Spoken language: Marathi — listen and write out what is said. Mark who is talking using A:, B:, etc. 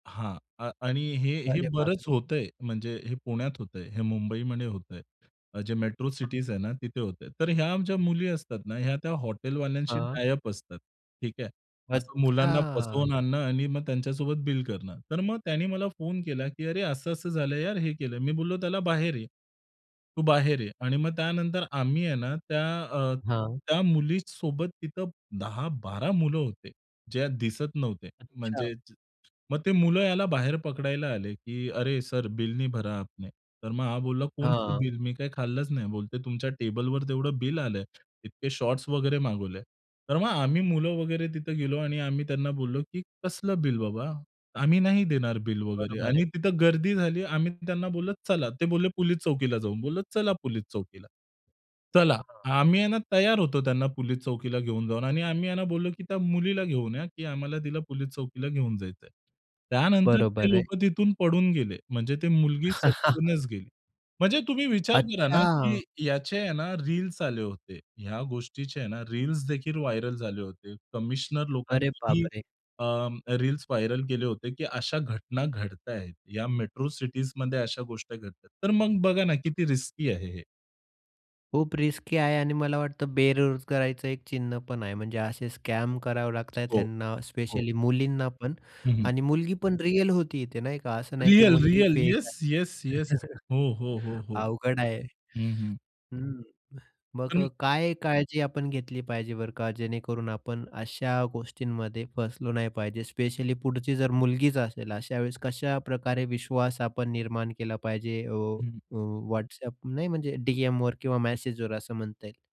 A: हां. अ आणि हे हे
B: अरे
A: बरंच
B: बापरे!
A: होत आहे म्हणजे हे पुण्यात होत आहे, हे मुंबईमध्ये होत आहे, जे मेट्रो सिटीज
B: हां.
A: आहे ना तिथे होत आहे. तर ह्या ज्या मुली असतात ना या त्या हॉटेलवाल्यांशी
B: हां.
A: टाय-अप असतात ठीक आहे. असं मुलांना फसवून
B: अच्छा.
A: आणणे आणि मग त्यांच्यासोबत बिल करणे तर मग त्यांनी मला फोन केला, की "अरे, असं-असं झालं यार," हे केलं, मी बोललो त्याला "बाहेर ये. तू बाहेर ये." आणि मग त्यानंतर आम्ही आहे ना त्या अ,
B: हां.
A: त्या मुलीसोबत तिथे 10-12 होते, ज्या दिसत नव्हते.
B: अच्छा.
A: म्हणजे जे मग ते मुले याला बाहेर पकडायला आले, की "अरे, सर बिल नहीं भरा आपने." तर मग हा बोलला कोणतं
B: हां.
A: बिल मी काय खाल्लंच नाही. बोलते तुमच्या टेबलवर तेवढं बिल आलंय, इतके शॉर्ट्स वगैरे मागवले. तर मग आम्ही मुले वगैरे तिथे गेलो आणि आम्ही त्यांना बोललो, की "कसलं बिल बाबा? आम्ही नाही देणार बिल वगैरे"
B: बरोबर आहे.
A: आणि तिथं गर्दी झाली आम्ही त्यांना बोललो, "चला." ते बोलले, "पोलिस चौकीला जाऊ." बोललो "चला पोलिस चौकीला." चला.
B: हां.
A: आम्ही आहे ना तयार होतो त्यांना पोलिस चौकीला घेऊन जाऊन आणि आम्ही आहे ना बोललो, की "त्या मुलीला घेऊन या की आम्हाला तिला पोलिस चौकीला घेऊन जायचं आहे." त्यानंतर ते
B: बरोबर आहे.
A: लोकं तिथून पळून गेले. म्हणजे ती मुलगी सटकूनच गेली. म्हणजे तुम्ही विचार करा ना, की
B: अच्छा!
A: याचे आहे ना रील्स आले होते. ह्या गोष्टीचे आहे ना रील्सदेखील व्हायरल झाले होते. कमिशनर
B: अरे
A: लोकांनीही
B: बापरे!
A: अ, रील्स व्हायरल केले होते, की अशा घटना घडताहेत. या मेट्रो सिटीजमध्ये अशा गोष्टी घडतात. तर मग बघा ना किती रिस्की आहे हे.
B: खूप रिस्की आहे आणि मला वाटत बेरोजगारांच एक चिन्ह पण आहे. म्हणजे असे स्कॅम करावे लागत आहे
A: हो,
B: त्यांना,
A: हो.
B: स्पेशली मुलींना पण
A: हं, हं.
B: आणि मुलगी पण रिअल होती इथे नाही का असं नाही, की
A: रिअल,
B: मुलगी
A: रिअल.
B: फेक
A: येस,
B: आहे.
A: Yes, yes. हो, हो, हो, हो.
B: अवघड आहे.
A: हं, हं.
B: हं. मग अ,
A: [unintelligible]
B: काय काळजी आपण घेतली पाहिजे बरं का, जेणेकरून आपण अशा गोष्टींमध्ये फसलो नाही पाहिजे? स्पेशली पुढची जर मुलगीच असेल, अशा वेळेस कशाप्रकारे विश्वास आपण निर्माण केला पाहिजे. अ,
A: हं, हं.
B: अ, WhatsApp नाही म्हणजे डी-एमवर किंवा मेसेजवर असं म्हणता येईल?